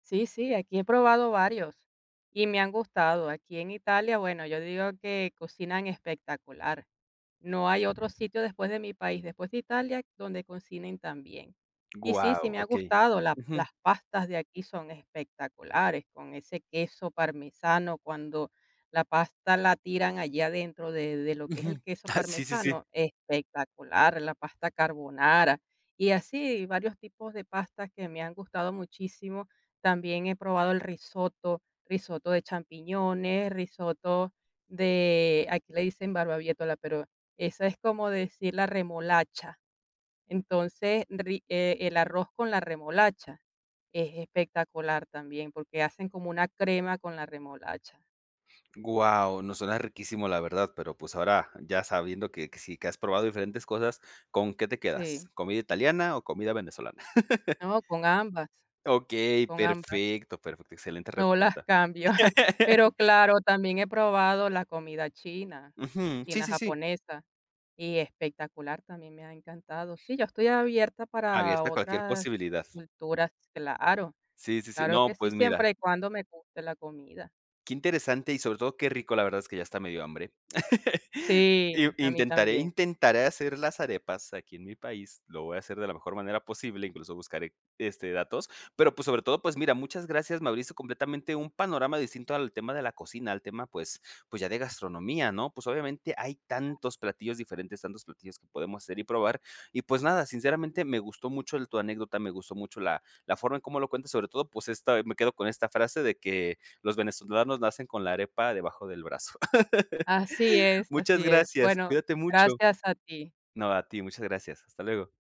Sí, sí, aquí he probado varios, y me han gustado. Aquí, en Italia, bueno, yo digo que cocinan espectacular. No hay otro sitio, después de mi país, después de Italia, donde cocinen tan bien. Y sí, sí Guau, me ha okey, gustado, la ujú. las pastas de aquí son espectaculares, con ese queso parmesano, cuando la pasta la tiran allí adentro de de lo que es el Ujú, queso ah, sí, sí, sí. parmesano, espectacular, la pasta carbonara. Y así, varios tipos de pastas que me han gustado muchísimo. También he probado el risotto, risotto de champiñones, risotto de, aquí le dicen barbaviétola, pero esa es como decir la remolacha. Entonces, ri eh, el arroz con la remolacha es espectacular también, porque hacen como una crema con la remolacha. Guau, no, suena riquísimo la verdad, pero, pues, ahora ya sabiendo que que sí, que has probado diferentes cosas, ¿con qué te quedas? Sí. ¿Comida italiana o comida venezolana? No, con ambas, Okey, con ambas. perfecto, perfecto, excelente No las respuesta. cambio. Pero claro, también he probado la comida china, Ujú, sí, china sí, sí. japonesa. Y espectacular, también me ha encantado. Sí, yo estoy abierta para Abierta a cualquier otras posibilidad. culturas, claro, Sí, sí, sí. claro que No, sí, pues, mira. siempre y cuando me guste la comida. Qué interesante y sobre todo qué rico, la verdad es que ya está medio hambre. Sí, I a mí intentaré también. intentaré hacer las arepas aquí en mi país, lo voy a hacer de la mejor manera posible, incluso, buscaré, este datos, pero pues sobre todo, pues mira, muchas gracias, me abriste completamente un panorama distinto al tema de la cocina, al tema, pues pues ya de gastronomía, ¿no? Pues, obviamente hay Cla tantos platillos diferentes, tantos platillos que podemos hacer y probar y pues nada, sinceramente me gustó mucho el tu anécdota, me gustó mucho la la forma en cómo lo cuentas, sobre todo pues, esta, me quedo con esta frase de que los venezolanos nacen con la arepa debajo del brazo. Así es, Muchas así es. gracias, Bueno, cuídate mucho. gracias a ti. No, a ti, muchas gracias, hasta luego.